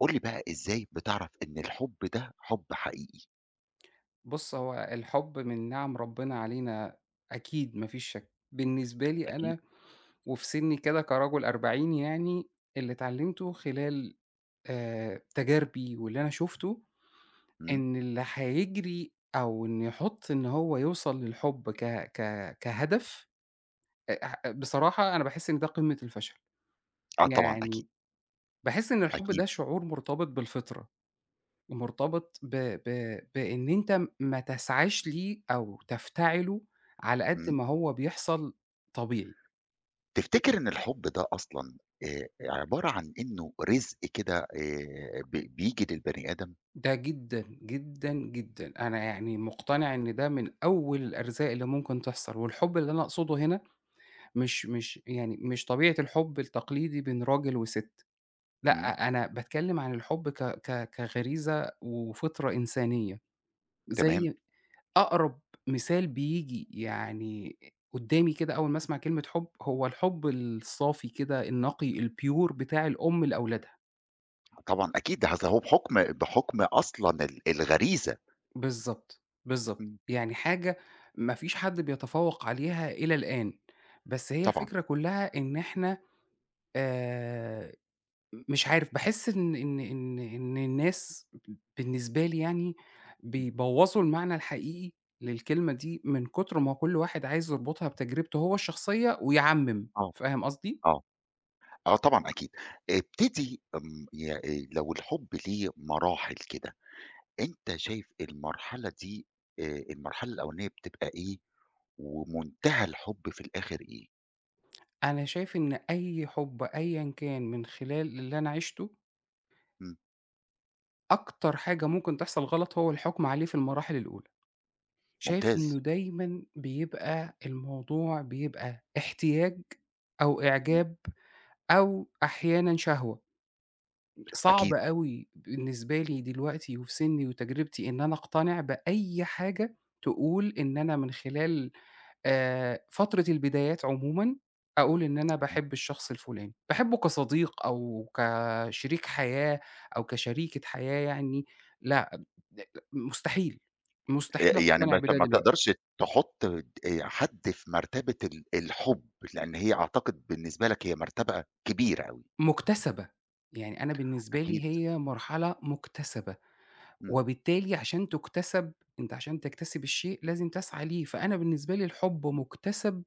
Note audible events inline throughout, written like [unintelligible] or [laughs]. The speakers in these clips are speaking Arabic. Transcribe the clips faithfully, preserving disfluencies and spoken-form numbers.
قُل لي بقى إزاي بتعرف إن الحُب ده حُب حقيقي؟ بُص، هو الحُب من نِعَم ربِّنا علينا أكيد ما فيش شَك، بالنسبة لي أكيد. أنا وفي سِنّي كده كرَجُل أربعيني يعني اللي اتعلمتُه خلال آآ، تجاربي واللي أنا شُفته، إمم. إن اللي هيجري أو إن يحُط إن هو يوصل للحُب ك ك كهدف، أ ح بصراحة أنا باحس إن ده قِمّة الفشل. آه طبعًا، أكيد. يعني باحس إن الحُب أكيد. ده شعور مرتبط بالفطرة، مرتبط ب ب بإن أنت م ما تسعاش ليه أو تفتعله على قد إمم. ما هو بيحصل طبيعي. تفتكر إن الحُب ده أصلًا آآ، عبارة عن إنه رزق كده آآ، ب بييجي للبني آدم؟ ده جدًا، جدًا، جدًا، أنا يعني مُقتنع إن ده من أول الأرزاق اللي ممكن تحصل، والحُب اللي أنا أقصده هنا مش مش يعني مش طبيعة الحُب التقليدي بين راجل وسِت، إمم. لأ، أنا باتكلِّم عن الحُب ك ك كغريزة وفطرة إنسانية. تمام. زي أقرب مثال بييجي يعني آآ قُدّامي كده أول ما أسمع كلمة حُب، هو الحُب الصافي كده النقي، الpure بتاع الأم لأولادها. طبعًا أكيد ده هز هو بحكم بحكم أصلًا ال الغريزة. بالضبط، بالضبط. إمم. يعني حاجة ما فيش حد بيتفوّق عليها إلى الآن، بس هي طبعًا. الفكرة كلها إن إحنا آآ، مش عارف، باحس إن إن إن إن إن الناس بالنسبة لي يعني إمم. بيبوّظوا المعنى الحقيقي للكلمة دي من كتر ما هو كل واحد عايز يربطها بتجربته هو الشخصية ويعمّم، آه، فاهم قصدي؟ آه، آه طبعًا أكيد. ابتدي امم، ي آآ لو الحب ليه مراحل كده، أنت شايف المرحلة دي آآ، المرحلة الأولانية بتبقى إيه، ومنتهى الحب في الآخر إيه؟ أنا شايف إن أي حب أيًا كان من خلال اللي أنا عِشته إمم. أكتر حاجة ممكن تحصل غلط هو الحكم عليه في المراحل الأولى، شايف ممتاز. إنه دايمًا بيبقى الموضوع بيبقى احتياج أو إمم. إعجاب، أو أحيانًا شهوة، صعب أكيد. أوي بالنسبة لي دلوقتي وفي سني وتجربتي إن أنا أقتنع بأي حاجة تقول إن أنا من خلال آآ فترة البدايات عمومًا أقول إن أنا تمام. باحب الشخص الفلاني، باحبه كصديق أو كشريك حياة أو كشريكة حياة يعني ،لأ [unintelligible] مستحيل، مستحيل آآ يعني ما أقتنع أنت بده ما دلوقتي. تقدرش تحط ت حد في مرتبة ال الحب، لأن هي أعتقد بالنسبة لك هي مرتبة كبيرة أوي. مكتسبة، يعني أنا بالنسبة أكيد. لي هي مرحلة مكتسبة، إمم. وبالتالي عشان تُكتسب أنت عشان تَكتسب الشيء لازم تسعى ليه، فأنا بالنسبة لي الحب مكتسب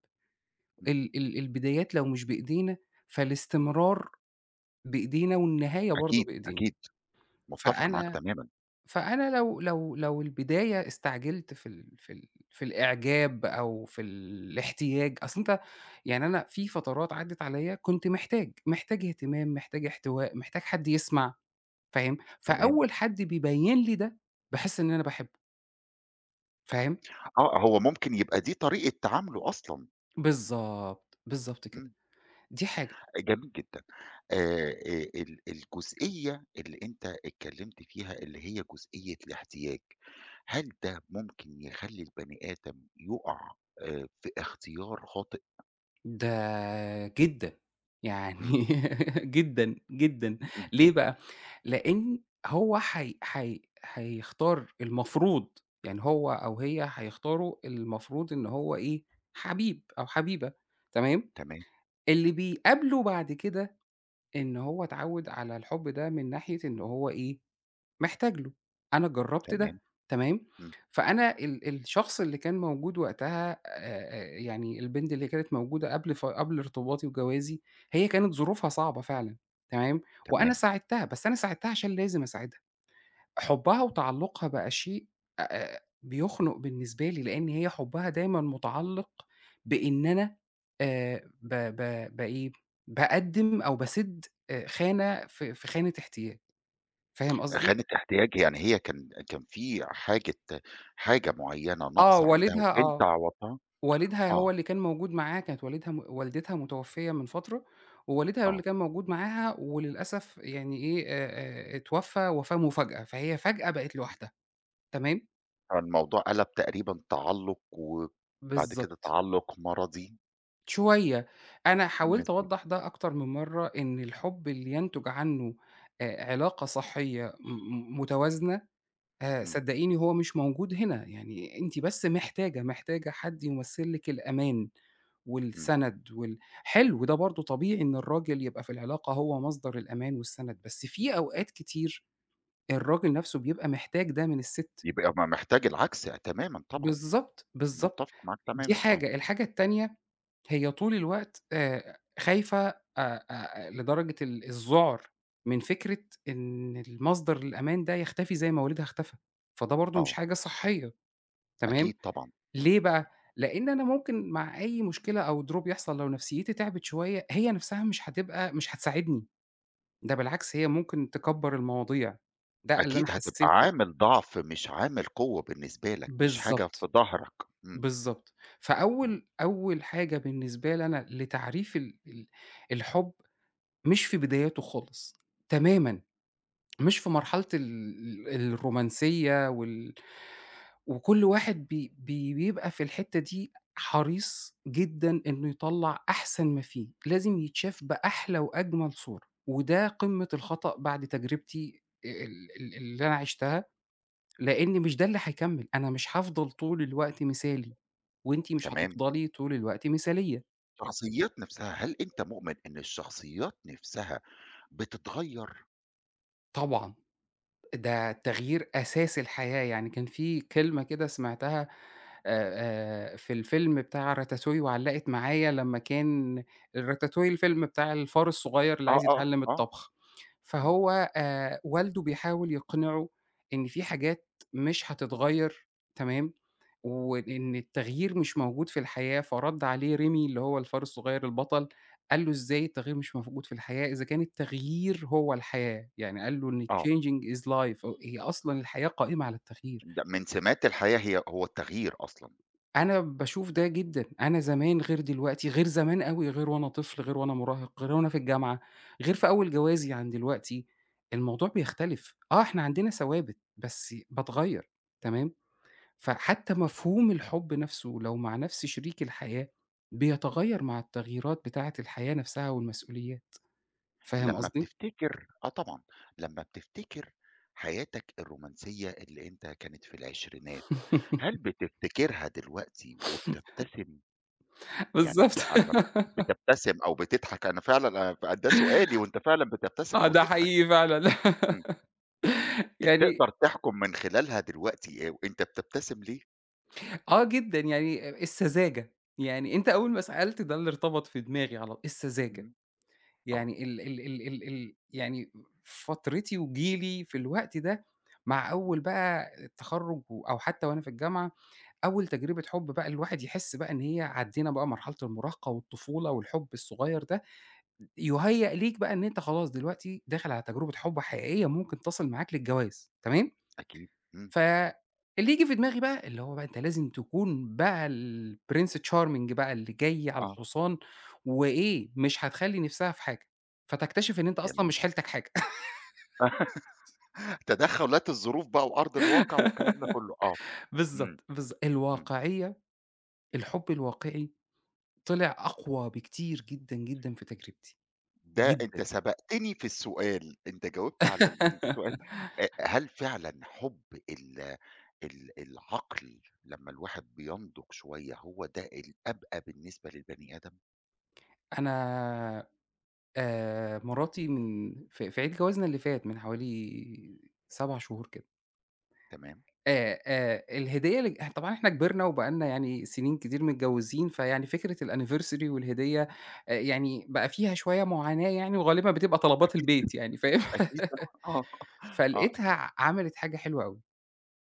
إمم. ال ال البدايات لو مش بإيدينا فالاستمرار بإيدينا والنهاية برضه أكيد، بإيدينا. أكيد. متفق معاك فأنا تمامًا. فأنا لو لو لو البداية استعجلت في ال في ال في الإعجاب أو في الاحتياج أصلًا أنت يعني أنا في فترات عدِّت عليّا كنت محتاج، محتاج اهتمام، محتاج احتواء، محتاج حد يسمع، فاهم؟ تمام. فأول حد بيبيّن لي ده، باحس إن أنا باحبه. فاهم؟ آه، هو ممكن يبقى دي طريقة تعامله أصلًا. بالضبط، بالضبط كده، إمم. دي حاجة. آآ جميل جدًا. آآ آآ ال الجزئية اللي أنت اتكلّمت فيها اللي هي جزئية الاحتياج، هل ده ممكن يخلّي البني آدم يقع آآ، في اختيار خاطئ؟ ده جدًا، يعني إمم. [laughs] جدًا، جدًا، إمم. ليه بقى؟ لإن هو حي حي حيختار المفروض، يعني هو أو هي هيختاروا اللي المفروض إن هو إيه، حبيب أو حبيبة، تمام، تمام. اللي بيقابله بعد كده إن هو اتعوّد على الحُب ده من ناحية إن هو إيه، محتاج له، أنا جرّبت تمام. ده، تمام، إمم. فأنا ال الشخص اللي كان موجود وقتها آآ آآ يعني البنت اللي كانت موجودة قبل ف قبل ارتباطي وجوازي، هي كانت ظروفها صعبة فعلًا، تمام، وأنا تمام. ساعدتها، بس أنا ساعدتها عشان لازم أساعدها. حُبها وتعلّقها بقى شيء أ أ بيخنُق بالنسبة لي، لإن هي حُبّها دايمًا مُتعلّق بإن أنا آآ ب ب بإيه، بأقدّم أو باسِد آآ، خانة في في خانة احتياج، فاهم قصدي؟ خانة احتياج، يعني هي كان كان في حاجة حاجة معيّنة آه، ناقصة عندها والدها وأنت آه، عوّضتها؟ والدها آه. هو اللي كان موجود معاها كانت والدها م والدتها مُتوفيّة من فترة ووالدها هو اللي آه. كان موجود معاها وللأسف يعني إيه، آآ آآ اتوفّى وفاة مفاجأة، فهي فجأة بقت لوحدها، تمام؟ فالموضوع قلَب تقريبًا تعلُّق وبعد كده بالضبط. تعلّق مَرَضي. شوية، أنا حاولت [unintelligible] أوضّح ده أكتر من مَرّة، إن الحُب اللي ينتُج عنه أ علاقة صحية م متوازنة، آآ إمم. صدقيني هو مش موجود هنا، يعني أنتِ بس محتاجة، محتاجة حد يمثل لِك الأمان، إمم. والسند وال حلو، ده برضه طبيعي إن الراجل يبقى في العلاقة هو مصدر الأمان والسند، بس في أوقات كتير الراجل نَفْسه بيبقى محتاج ده من السِت. يبقى ما محتاج العكس تمامًا طبعًا، بالضبط، بالضبط، متفق معاك دي تمامًا، آه. حاجة، الحاجة التانية، هي طول الوقت آآ خايفة أ أ آآ لدرجة ال الذُعر من فكرة إن المصدر الأمان ده يختفي زي ما والدها اختفى، فده برضو مش آه. حاجة صحية، تمام، أكيد طبعًا. ليه بقى؟ لأن أنا ممكن مع أي مشكلة أو Drop يحصل لو نفْسيتي تعبِت شوية هي نَفْسها مش هتبقى مش هتساعدني، ده بالعكس هي ممكن تكّبر المواضيع، ده اللي أنا أكيد هتبقى حسيته وقتها. عامل ضَعف مش عامل قوة بالنسبة لك، مش حاجة في بالضبط، ضهرك، إمم. بالضبط. إمم. فأول أول حاجة بالنسبة لي أنا لتعريف ال ال الحُب، مش في بداياته خالص، تمامًا، مش في مرحلة ال ال الرومانسية وال وكُلّ واحد بي بي بيبقى في الحتة دي حريص جدًا إنه يطلّع أحسن ما فيه، لازم يتشاف بأحلى وأجمل صورة وده قمة الخطأ بعد تجربتي آآ ال ال اللي أنا عشتها، لأني مش ده اللي هيكمل، أنا مش هافضل طول الوقت مثالي، وأنتِ مش تمام. هتفضلي طول الوقت مثالية. الشخصيات نَفْسها، هل أنت مؤمن إن الشخصيات نَفْسها بتتغيّر؟ طبعًا. ده التغيير أساس الحياة، يعني كان في كلمة كده سمعتها آآ آآ في الفيلم بتاع راتاتوي وعلَّقت معايا لمّا كان راتاتوي الفيلم بتاع الفار الصغير اللي آه، عايز آه، يتعلِّم آه. الطبخ، إمم. فهو آآ والده بيحاول يقنعه إن في حاجات مش هتتغيّر، تمام، وإن التغيير مش موجود في الحياة، فرَد عليه ريمي اللي هو الفارس الصغير البطل قال له: "إزاي التغيير مش موجود في الحياة؟ إذا كان التغيير هو الحياة." يعني قال له إن آه. changing is life، أ هي أصلًا الحياة قائمة على التغيير. ده من سمات الحياة هي هو التغيير أصلًا. أنا باشوف ده جدًا، أنا زمان غير دلوقتي، غير زمان أوي، غير وأنا طفل، غير وأنا مراهق، غير وأنا في الجامعة، غير في أول جوازي عن دلوقتي. الموضوع بيختلف، آه إحنا عندنا ثوابت، بس باتغيّر، تمام، فحتّى مفهوم الحُب نَفْسه لو مع نفَسْ شريك الحياة، بيتغيّر مع التغييرات بتاعة الحياة نَفْسها والمسؤوليات، فاهم لمّا قصدي؟ بتفتكر آه طبعًا. لمّا بتفتكر حياتك الرومانسية اللي أنت كانت في العشرينات، هل [laughs] بتفتكرها دلوقتي [chuckles] وبتبتسم؟ يعني بالضبط. بت أمّا [laughs] بتبتسم أو بتضحك، أنا فعلًا أ ف ده سؤالي وأنت فعلًا بتبتسم آه، أو ده تضحك. حقيقي فعلًا. إمم. [laughs] آآ يعني تقدر تحكُم من خلالها دلوقتي آآ أنت بتبتسم ليه؟ آه جدًا، يعني آآ إمم. السذاجة، يعني أنت أول ما سألت ده اللي ارتبط في دماغي على السذاجة، إمم. آه. يعني ال ال ال ال ال يعني فترتي وجيلي في الوقت ده مع إمم. أول بقى التخرج و أو حتى وأنا في الجامعة، أول تجربة حب بقى الواحد يحس بقى إن هي عدِّينا بقى مرحلة المراهقة والطفولة والحب الصغير ده، يُهيئ ليك بقى إن أنت خلاص دلوقتي داخل على تجربة حب حقيقية ممكن تصل معاك للجواز تمام؟ أكيد، إمم. فاللي ييجي في دماغي بقى اللي هو بقى أنت لازم تكون بقى الPrince Charming بقى اللي جاي على آه. الحصان، وإيه، مش هتخلِّي نِفسها في حاجة، فتكتشف إن أنت أصلًا مش جميل. حيلتك حاجة. [chuckles] [laughs] تدخلات الظروف بقى وأرض الواقع والكلام ده كله، آه، [laughs] امم، بالضبط، بالض إمم. الواقعية الحب الواقعِي طلع أقوى بكتير جدًا، جدًا في تجربتي، ده أنت جدًا. سبقتني في السؤال، أنت جاوبت على ال السؤال، [laughs] أ هل فعلًا حب ال ال العقل لما الواحد بينضج شوية هو ده الأبقى بالنسبة للبني آدم؟ أنا آآ مراتي من ف في عيد جوازنا اللي فات من حوالي سَبَع شهور كده. تمام. آآ آآ الهدية اللي ج طبعًا إحنا كبرنا وبقى لنا يعني سِنين كتير من متجوِّزين، فيعني فكرة الAnniversary والهدية، آآ يعني بقى فيها شوية معاناة يعني وغالبًا بتبقى طلبات أكيد، البيت يعني، فاهم، أكيد آه، [laughs] آه فلقيتها أكيد. ع عملت حاجة حلوة أوي،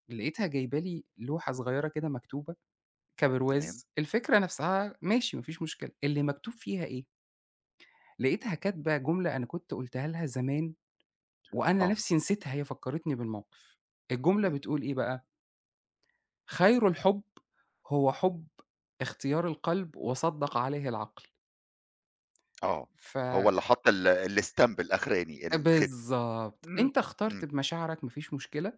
لقيتها جايبة لي لوحة صغيرة كده مكتوبة تمام. كبرواز، الفكرة نَفْسها ماشي، ما فيش مشكلة، اللي مكتوب فيها إيه؟ لقيتها كاتبة جملة أنا كنت قُلتها لها زمان وأنا آه. نَفْسي نسيتها، هي فكّرتني بالموقف. الجملة إمم. بتقول إيه بقى؟ خير الحُب هو حُب اختيار القلب وصدّق عليه العقل. آه. ف هو اللي حط ال الstamp الأخراني آآ الختم. بالضبط، إمم، أنت إمم. اخترت بمشاعرك ما فيش مشكلة،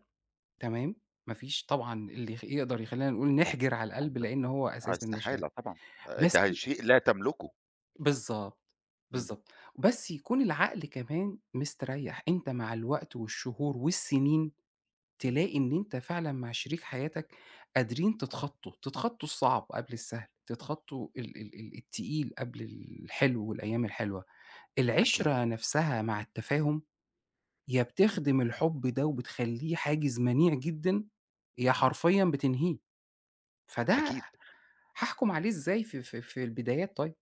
تمام، ما فيش طبعًا اللي يخ يقدر يخلّينا نقول نحِجر على القلب، [unintelligible] لإن هو أساس المشاعر. استحالة طبعًا، آآ بس ده شيء لا تملكه. بالضبط، إمم. بالضبط. بس يكون العقل كمان مستريّح، أنت مع الوقت والشهور والسنين، إمم. تلاقي إن أنت فعلًا مع شريك حياتك قادرين تتخطّوا، تتخطّوا الصعب قبل السهل، تتخطّوا ال ال ال التقيل قبل الحلو والأيام الحلوة. أكيد. العِشرة نفسها مع التفاهم يا بتخدم الحب ده وبتخلّيه حاجز منيع جدًا، يا إمم. حرفيًا بتنهيه. فده ح أكيد. هاحُكم عليه إزاي ف ف في البدايات طيب؟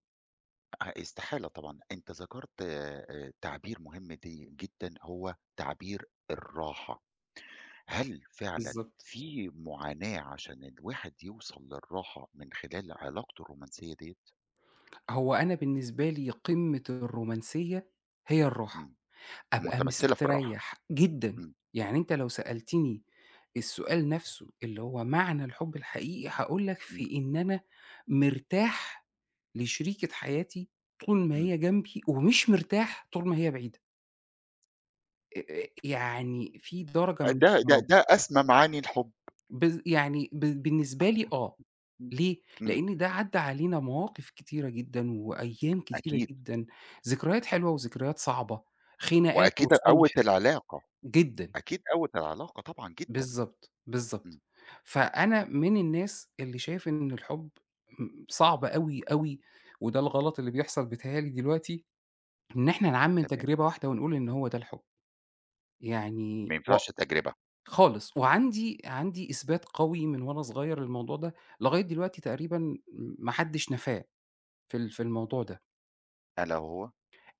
أ استحالة طبعًا، أنت ذكرت آآ تعبير مهم دي جدًا، هو تعبير الراحة، هل فعلًا بالضبط. في معاناة عشان الواحد يوصل للراحة من خلال علاقته الرومانسية ديّة؟ هو أنا بالنسبة لي قمّة الرومانسية هي الراحة، إمم. أبقى مُتَمَثِّلة في الراحة. مستريّح جدًا، إمم. يعني أنت لو سألتني السؤال نَفْسه اللي هو معنى الحُب الحقيقي، هاقول لك إمم. في إن أنا مرتاح لشريكة حياتي طول ما إمم. هي جنبي ومش مرتاح طول ما هي بعيدة. آآ آآ يعني في درجة أ من ده ده الاحترام. ده أسمى معاني الحُب. بالض يعني ب بالنسبة لي آه. ليه؟ إمم. لأن ده عدّى علينا مواقف كتيرة جدًا، وأيام كتيرة أكيد. جدًا، ذكريات حلوة وذكريات صعبة، خناقات وأكيد قوّت وصلح، العلاقة. جدًا. أكيد قوّت العلاقة طبعًا، جدًا. بالضبط، بالضبط. إمم. فأنا من الناس اللي شايف إن الحُب آمم صعب أوي، أوي وده الغلط اللي بيحصل بيتهيأ لي دلوقتي، إن إحنا نعمّم تمام. تجربة واحدة ونقول إن هو ده الحُب. ما يعني ينفعش وق تجربة. خالص، وعَندي عَندي إثبات قوي من وأنا صغير للموضوع ده، لغاية دلوقتي تقريبًا م ما حدش نفاه في ال في الموضوع ده. ألا وهو؟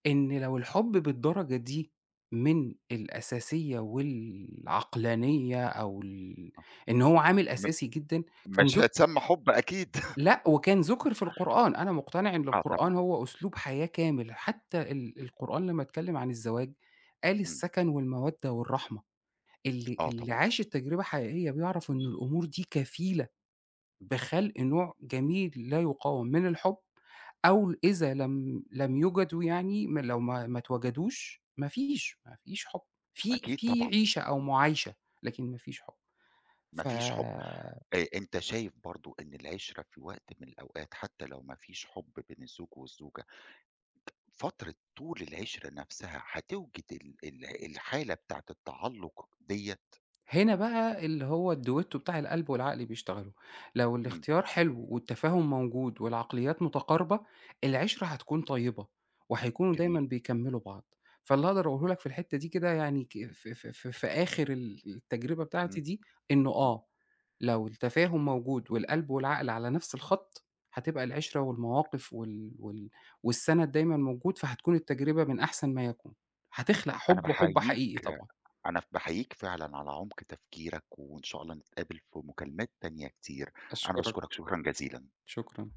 إن لو الحُب بالدرجة دي من الأساسية والعقلانية أو ال إن هو عامل م أساسي جدًا كان مش ذُك هيتسمى حُب أكيد. لأ، وكان [chuckles] ذُكر في القرآن، أنا مقتنع إن آه طبعًا. القرآن هو أسلوب حياة كامل، حتى ال القرآن لما اتكلم عن الزواج، قال إمم. السكن والمودة والرحمة. اللي آه اللي طبعًا. عاش التجربة الحقيقية بيعرف إنه الأمور دي كفيلة بخلق نوع جميل لا يقاوم من الحُب، أو إذا لم لم يُوجدوا يعني م لو ما ما اتوجدوش، ما فيش، ما فيش حُب، في أكيد في طبعًا. عيشة أو معايشة، لكن ما فيش حُب. ما ف فيش حُب. أ أنت شايف برضه إن العِشرة في وقت من الأوقات حتى لو ما فيش حُب بين الزوج والزوجة فترة طول العِشرة نَفْسها، هتوجِد ال ال الحالة بتاعة التعلُّق ديّة؟ هنا بقى اللي هو الDuetto بتاع القلب والعقل بيشتغلوا، لو إمم. الاختيار حلو والتفاهم موجود والعقليات متقاربة، العِشرة هتكون طيبة، وهيكونوا دايمًا جميل. بيكملوا بعض. فاللي أقدر أقوله لك في الحتة دي كده يعني ك ف ف ف في آخر ال التجربة بتاعتي إمم. دي إنه إمم. آه، لو التفاهم موجود، والقلب والعقل على نَفْس الخط، هتبقى العِشرة والمواقف وال وال والسند دايمًا موجود، فهتكون التجربة من أحسن ما يكون، هتخلق أنا حُب وحُب باحييك حقيقي طبعًا. أنا ف باحييك فعلًا على عمق تفكيرك، وإن شاء الله نتقابل في مكالمات تانية كتير. أنا أشكرك. باشكرك شكرًا جزيلًا. شكرًا.